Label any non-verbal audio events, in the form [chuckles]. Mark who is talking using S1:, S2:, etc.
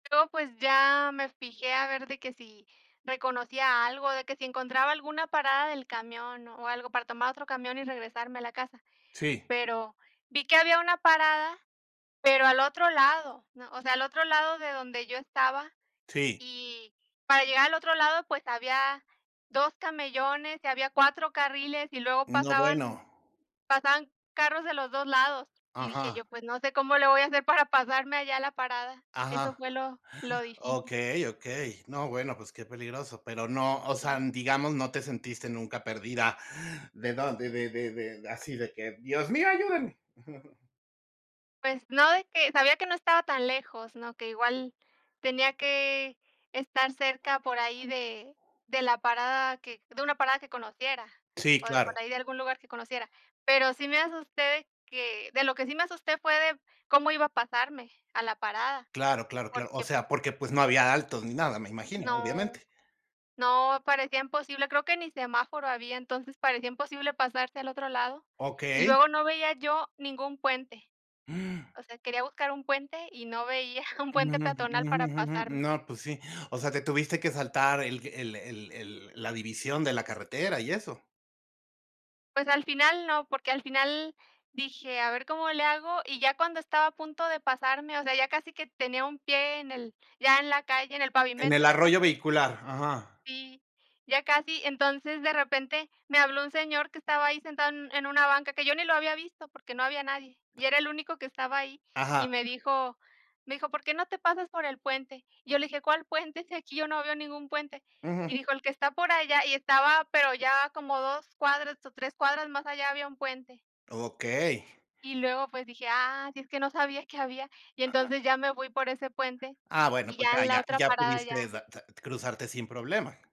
S1: Yo, pues, ya me fijé a ver de que si reconocía algo, de que si encontraba alguna parada del camión o algo para tomar otro camión y regresarme a la casa.
S2: Sí.
S1: Pero vi que había una parada, pero al otro lado o sea, al otro lado de donde yo estaba,
S2: Sí.
S1: y para llegar al otro lado, pues había 2 camellones y había 4 carriles y luego
S2: No,
S1: pasaban
S2: bueno.
S1: pasaban carros de los 2 lados y dije:
S2: Ajá.
S1: "Yo, pues, no sé cómo le voy a hacer para pasarme allá a la parada", eso
S2: Ajá,
S1: fue
S2: [gasps]
S1: lo lo difícil.
S2: okey, okey. No, bueno, pues qué peligroso, pero no, o sea,
S1: Sí.
S2: digamos, no te sentiste nunca perdida. ¿De dónde? De de de de así, de que, dios mío, ayúdeme. [chuckles]
S1: Pues no, de que sabía que no estaba tan lejos, ¿no? Que igual tenía que estar cerca por ahí de de la parada que de una parada que conociera
S2: Sí,
S1: o de por
S2: claro.
S1: ahí de algún lugar que conociera. Pero sí me asusté de que de lo que sí me asusté fue de cómo iba a pasarme a la parada,
S2: Claro, claro, claro, o
S1: porque, pues
S2: sea, porque pues no había altos ni nada, me imagino,
S1: no,
S2: obviamente.
S1: no, parecía imposible, creo que ni semáforo había, entonces parecía imposible pasarse al otro lado y
S2: Okey.
S1: luego no veía yo ningún puente.
S2: [gasps]
S1: O sea, buscar un puente y no veía un puente peatonal para pasarme.
S2: No, pues sí. O sea, te tuviste que saltar el el el el la división de la carretera y eso.
S1: Pues al final no porque al final dije, a ver cómo le hago, y ya cuando estaba a punto de pasarme, o sea, ya casi que tenía un pie en el ya en la calle, en el
S2: En
S1: pavimento,
S2: el
S1: ya
S2: arroyo
S1: casi
S2: vehicular, ajá.
S1: Sí, ya casi. Entonces, de repente me habló un señor que estaba ahí sentado en en una banca, que yo ni lo había visto porque no había nadie, y era el único que estaba ahí, y
S2: Ajá.
S1: me dijo me dijo: "¿Por qué no te pasas por el puente?" Y yo le dije: "¿Cuál puente? Si aquí yo no veo ningún puente."
S2: Ujú.
S1: Y dijo: "El que está por allá", y estaba pero ya como 2 cuadras o 3 cuadras más allá había 1 puente.
S2: Okey.
S1: Y luego pues dije: "Ah, sí, es que no sabía que había", y
S2: Ajá.
S1: entonces ya me voy por ese puente
S2: Ah, bueno,
S1: y
S2: pues
S1: ya
S2: ya
S1: en la
S2: ya
S1: otra
S2: ya
S1: parada
S2: pudiste
S1: ya.
S2: da da cruzarte sin problema.